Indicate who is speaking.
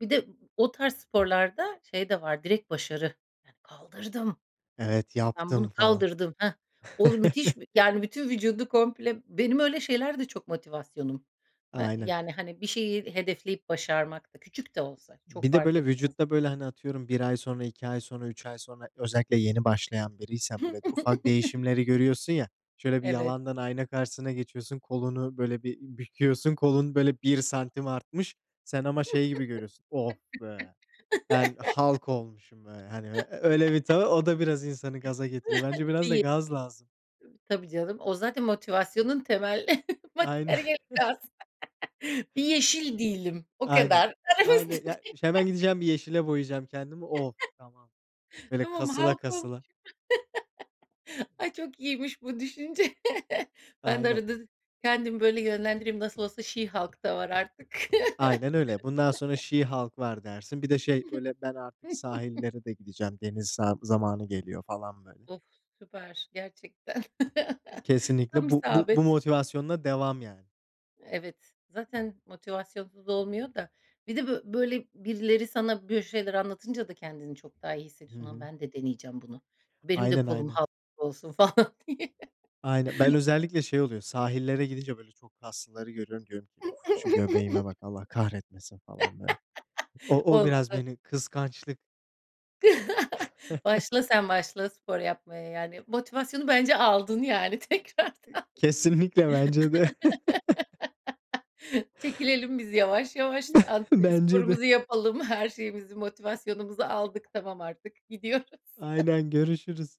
Speaker 1: Bir de o tarz sporlarda şey de var, direkt başarı. "Kaldırdım.
Speaker 2: Evet,
Speaker 1: Ben bunu
Speaker 2: yaptım falan.
Speaker 1: kaldırdım. Hah!" O müthiş bir yani, bütün vücudu komple Benim öyle şeylerde çok motivasyonum. Eee,
Speaker 2: Aynen.
Speaker 1: yani, hani, bir şeyi hedefleyip başarmak da küçük de olsa çok
Speaker 2: Bir de
Speaker 1: fark
Speaker 2: böyle
Speaker 1: etmez,
Speaker 2: vücutta
Speaker 1: yani.
Speaker 2: böyle, hani, atıyorum 1 ay sonra, 2 ay sonra, 3 ay sonra özellikle yeni başlayan biriysen böyle ufak değişimleri görüyorsun ya. Şöyle bir
Speaker 1: Evet.
Speaker 2: yalandan ayna karşısına geçiyorsun, kolunu, böyle, bir büküyorsun. Kolun, böyle, 1 santim artmış. Sen ama şey gibi görüyorsun. "Of be, ben Hulk olmuşum be." Hani, ö ö öyle bir [unintelligible] o da biraz insanı gaza getiriyor. Bence biraz da
Speaker 1: Değil.
Speaker 2: gaz lazım.
Speaker 1: Tabii canım. O zaten motivasyonun temel
Speaker 2: Aynen.
Speaker 1: materyali [unintelligible] Bir yeşil değilim, o
Speaker 2: Aynen,
Speaker 1: kadar
Speaker 2: aynen. Ya ş hemen
Speaker 1: [unintelligible]
Speaker 2: gideceğim bir yeşile boyayacağım kendimi. Oh, tamam. Böyle,
Speaker 1: Tamam,
Speaker 2: kasıla
Speaker 1: Hulk olmuşum.
Speaker 2: kasıla.
Speaker 1: Ay, çok iyiymiş bu düşünce. Ben de
Speaker 2: Aynen.
Speaker 1: arada kendimi böyle yönlendireyim. Nasıl olsa She Hulk da var artık.
Speaker 2: Aynen öyle. Bundan sonra "She Hulk" var dersin. Bir de, şey, böyle, ben artık sahillere de gideceğim. Deniz sa zamanı geliyor falan, böyle.
Speaker 1: Of, süper gerçekten. Tam
Speaker 2: Kesinlikle bu bu bu
Speaker 1: isabet.
Speaker 2: motivasyonla devam, yani.
Speaker 1: Evet, zaten motivasyonsuz olmuyor da. Bir de bö böyle birileri sana bö şeyler anlatınca da kendini çok daha iyi
Speaker 2: Hı
Speaker 1: hissediyorsun. "Lan,
Speaker 2: hı.
Speaker 1: ben de deneyeceğim bunu, benim de
Speaker 2: Aynen,
Speaker 1: kolum
Speaker 2: aynen.
Speaker 1: Hulk gibi olsun." falan diye.
Speaker 2: Aynen. Ben özellikle şey oluyor sahillere gidince, böyle, çok kaslıları görüyorum. Diyorum ki, "Uf, şu göbeğime bak, Allah kahretmesin." falan, böyle. O o
Speaker 1: Olmaz
Speaker 2: biraz
Speaker 1: [unintelligible]
Speaker 2: beni kıskançlık
Speaker 1: Başla sen, başla spor yapmaya. Yani, motivasyonu bence aldın, yani, tekrardan.
Speaker 2: Kesinlikle bence de.
Speaker 1: Çekilelim biz yavaş yavaş. Ad eee,
Speaker 2: Bence de.
Speaker 1: sporumuzu yapalım. Her şeyimizi, motivasyonumuzu aldık. Tamam artık, gidiyoruz.
Speaker 2: Aynen, görüşürüz.